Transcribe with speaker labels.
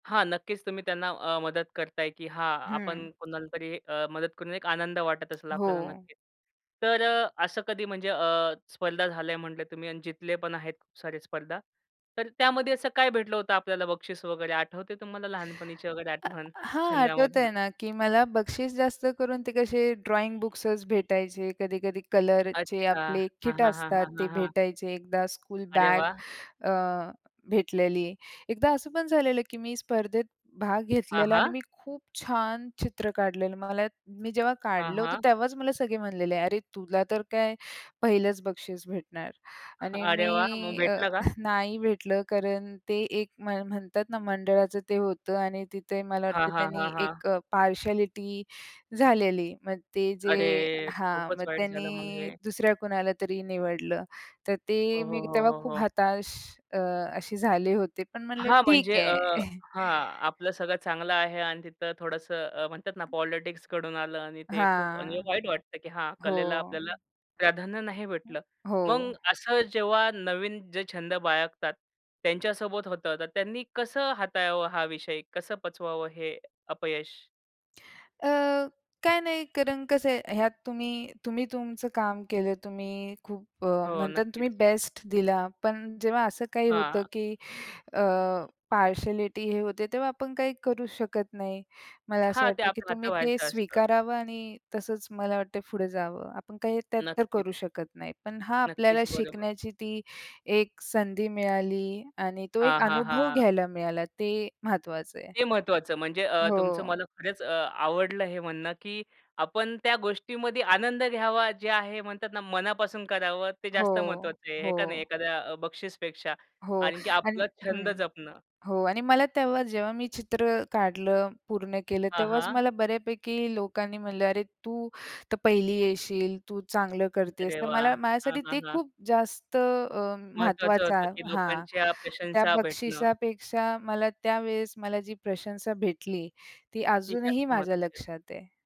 Speaker 1: हां, नक्कीच तुम्ही त्यांना अ, मदत करताय, की हां
Speaker 2: हं.
Speaker 1: आपण कुणालातरी अ, मदत करून एक आनंद वाटत असेल आपल्याला
Speaker 2: हो.
Speaker 1: नक्कीच. तर अ, असं कधी म्हणजे अ, स्पर्धा झालंय म्हटले तुम्ही आणि जितले पण आहेत खूप सारे स्पर्धा. तर त्यामध्ये असं काय भेटलं होतं आपल्याला बक्षीस वगैरे आठवते तुम्हाला लहानपणीची वगैरे
Speaker 2: अ,
Speaker 1: आठवण
Speaker 2: हां, आठवतंय
Speaker 1: छंदामधून?
Speaker 2: ना की मला बक्षीस जास्त करून ते कसे ड्रॉइंग बुक्सच भेटायचे. कधी-कधी कलरचे
Speaker 1: अच्छा!
Speaker 2: आपले
Speaker 1: हां,
Speaker 2: किट
Speaker 1: हां, हां,
Speaker 2: असतात
Speaker 1: हां,
Speaker 2: ते
Speaker 1: हां, हां.
Speaker 2: भेटायचे. एकदा स्कूल
Speaker 1: अरे
Speaker 2: बॅग
Speaker 1: वाह!
Speaker 2: अ, भेटलेली. एकदा असं पण झालेलं की मी स्पर्धेत भाग घेतलेला आणि
Speaker 1: आहां.
Speaker 2: मी खूप छान चित्र काढलेलं. मला मी जेव्हा
Speaker 1: हां,
Speaker 2: काढलं होतं
Speaker 1: हां.
Speaker 2: तेव्हाच मला सगळे म्हणलेले अरे! तुला तर काय पहिलंच बक्षीस भेटणार. आणि
Speaker 1: अरे वाह! मग
Speaker 2: मी अ,
Speaker 1: भेटलं का?
Speaker 2: नाही भेटलं. कारण ते एक म्ह म्हणतात ना, मंडळाचं ते होतं आणि तिथे मला
Speaker 1: हां,
Speaker 2: वाटतं
Speaker 1: हां, हां,
Speaker 2: त्यांनी
Speaker 1: हां.
Speaker 2: एक अ, पार्शालिटी झालेली. मग ते जे
Speaker 1: अरे!
Speaker 2: हां,
Speaker 1: खूपच
Speaker 2: मग
Speaker 1: वाईट झालं
Speaker 2: त्यांनी
Speaker 1: म्हणजे.
Speaker 2: दुसऱ्या कुणाला तरी निवडलं. तर
Speaker 1: हो,
Speaker 2: ते
Speaker 1: हो,
Speaker 2: मी
Speaker 1: हो,
Speaker 2: तेव्हा
Speaker 1: हो,
Speaker 2: खूप
Speaker 1: हो.
Speaker 2: हताश अ, असे झाले होते. पण म्हटलं
Speaker 1: हां,
Speaker 2: ठीक
Speaker 1: म्हणजे अ
Speaker 2: आहे.
Speaker 1: हां, आपलं सगळं चांगलं आहे आणि तिथं थोडंसं अ, म्हणतात ना पॉलिटिक्सकडून आलं आणि ते खूप
Speaker 2: हां.
Speaker 1: वाईट वाटतं. की हां
Speaker 2: हो.
Speaker 1: कलेला आपल्याला प्राधान्य नाही
Speaker 2: अ,
Speaker 1: भेटलं.
Speaker 2: हो.
Speaker 1: मग असं जेव्हा नवीन जे छंद बाळगतात, त्यांच्यासोबत होतं तर त्यांनी कसं हाताळावं हा विषय? कसं पचवावं हे अपयश?
Speaker 2: अ, काय नाही कारण कसं आहे, ह्यात तुम्ही तुम्ही तुमचं काम केलं. तुम्ही खूप अ,
Speaker 1: हो,
Speaker 2: म्हणतात
Speaker 1: नक्कीच.
Speaker 2: तुम्ही बेस्ट दिला. पण जेव्हा असं काही होतं,
Speaker 1: हां.
Speaker 2: की अ, पार्शालिटी हे होते तेव्हा आपण काही करू शकत नाही. मला असं
Speaker 1: हां, ते
Speaker 2: वाटतं, की
Speaker 1: आपल्या
Speaker 2: तुम्ही ते
Speaker 1: हाताबाहेरच असतं.
Speaker 2: स्वीकारावं आणि तसंच मला वाटते पुढे जावं. आपण काही त्यात तर
Speaker 1: नक्कीच,
Speaker 2: करू शकत नाही. पण हां आपल्याला
Speaker 1: नक्कीच, बरोबर.
Speaker 2: शिकण्याची ती एक संधी मिळाली आणि तो एक
Speaker 1: हां, हां,
Speaker 2: अनुभव
Speaker 1: हां.
Speaker 2: घ्यायला मिळाला ते महत्त्वाचं आहे.
Speaker 1: ते महत्वाचं म्हणजे अ, तुमचं
Speaker 2: हो.
Speaker 1: मला खरंच अ, आवडलं हे म्हणणं, की आपण त्या गोष्टीमध्ये आनंद घ्यावा जे आहे म्हणतात ना, मनापासून करावं ते जास्त
Speaker 2: हो,
Speaker 1: महत्वाचं आहे. हे का नाही
Speaker 2: हो.
Speaker 1: एखाद्या बक्षीसपेक्षा
Speaker 2: हो
Speaker 1: आणखी
Speaker 2: आण
Speaker 1: आपला छंद
Speaker 2: हं,
Speaker 1: जपणं.
Speaker 2: हो आणि मला तेव्हा जेव्हा मी चित्र काढलं, पूर्ण केलं
Speaker 1: हां,
Speaker 2: तेव्हाच
Speaker 1: हां.
Speaker 2: मला बऱ्यापैकी लोकांनी म्हटलं "अरे! तू तर पहिली येशील, तू चांगलं करतेस."
Speaker 1: अरे
Speaker 2: तर
Speaker 1: वाह!
Speaker 2: मला
Speaker 1: हां,
Speaker 2: माझ्यासाठी
Speaker 1: हां,
Speaker 2: ते
Speaker 1: हां.
Speaker 2: खूप जास्त अ,
Speaker 1: महत्वाचं होतं
Speaker 2: महत्त्वाचं
Speaker 1: की
Speaker 2: हां.
Speaker 1: लोकांच्या
Speaker 2: त्या
Speaker 1: प्रशंसा भेटणं.
Speaker 2: बक्षिसापेक्षा मला त्यावेळेस मला जी प्रशंसा भेटली ती
Speaker 1: ती
Speaker 2: अजूनही
Speaker 1: जास्त
Speaker 2: माझ्या
Speaker 1: महत्वाची असते.
Speaker 2: लक्षात आहे.